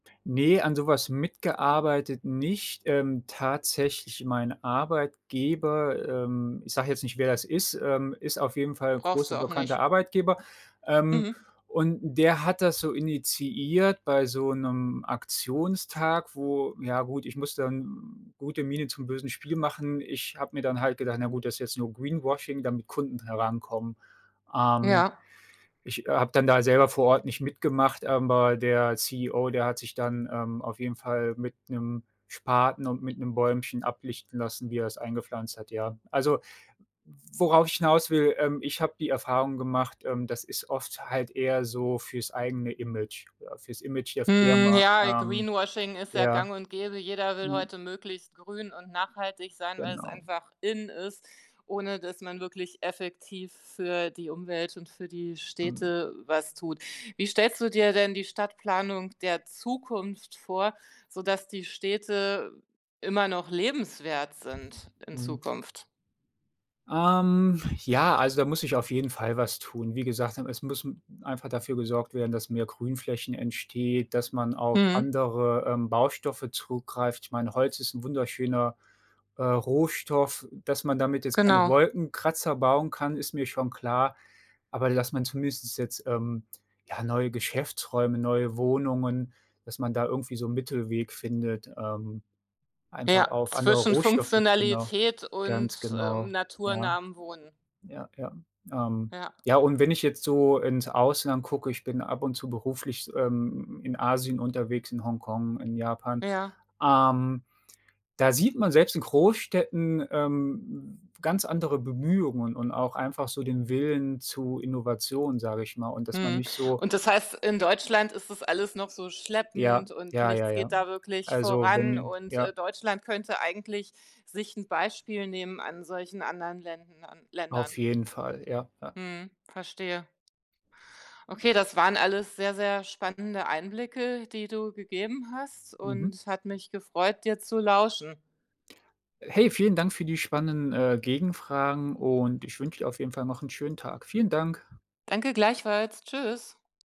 Ne, an so was mitgearbeitet nicht. Ähm, tatsächlich mein Arbeitgeber, ähm, ich sage jetzt nicht, wer das ist, ähm, ist auf jeden Fall 'n Brauchst großer du auch bekannter nicht. Arbeitgeber, ähm, Mhm. und der hat das so initiiert bei so 'nem Aktionstag, wo ja gut, ich musste dann gute Miene zum bösen Spiel machen. Ich habe mir dann halt gedacht: „Na gut, das ist jetzt nur Greenwashing, damit Kunden herankommen.” Ähm, Ja. ich habe dann da selber vor Ort nicht mitgemacht, aber der CEO, der hat sich dann, ähm, auf jeden Fall mit 'nem Spaten und mit 'nem Bäumchen ablichten lassen, wie er es eingepflanzt hat, ja. Also, w worauf ich hinaus will, ähm, ich habe die Erfahrung gemacht, ähm, das ist oft halt eher so fürs eigene Image, ja, fürs Image der Mhm, Firma, ja, ähm, Greenwashing ist ja ja. gang und gäbe, jeder will Hm. heute möglichst grün und nachhaltig sein, weil's Genau. einfach in ist, ohne dass man wirklich effektiv für die Umwelt und für die Mhm. Städte was tut. Wie stellst du dir denn die Stadtplanung der Zukunft vor, sodass die Städte immer noch lebenswert sind in Mhm. Zukunft? Ähm, ja, also, da muss sich auf jeden Fall was tun. Wie gesagt, hm, es muss einfach dafür gesorgt werden, dass mehr Grünflächen entsteht, dass man auf Mhm. andere, ähm, Baustoffe zurückgreift, ich meine, Holz ist 'n wunderschöner, äh, Rohstoff, dass man damit jetzt keine Genau. Wolkenkratzer bauen kann, ist mir schon klar, aber dass man zumindest jetzt, ähm, ja, neue Geschäftsräume, neue Wohnungen dass man da irgendwie so 'n Mittelweg findet, ähm, einfach Ja, auf andere zwischen Rohstoffe genau. Funktionalität und, Ganz ähm, genau. Ja. naturnahem Wohnen. Ja, ja. Ähm, Ja. ja, und wenn ich jetzt so ins Ausland gucke, ich bin ab und zu beruflich, ähm, m m in Asien unterwegs, in Hongkong, in Japan. Ja. Ähm, da sieht man selbst in Großstädten, ähm, ganz andere Bemühungen und auch einfach so den Willen zu Innovationen, sage ich mal, und dass man Mhm. nicht so Und das heißt, in Deutschland ist das alles noch so Ja, schleppend und ja, ja, nichts ja. geht da wirklich Also, voran wenn und, äh, ja. Deutschland könnte eigentlich sich 'n Beispiel nehmen an solchen anderen Länden an Auf Ländern. jeden Fall, ja, ja. Mhm, verstehe. Okay, das waren alles sehr, sehr spannende Einblicke, die du gegeben hast, Mhm. und es hat mich gefreut, dir zu lauschen. Hey, vielen Dank für die spannenden, äh, Gegenfragen und ich wünsche dir auf jeden Fall noch 'n schönen Tag. Vielen Dank. Danke gleichfalls. Tschüss.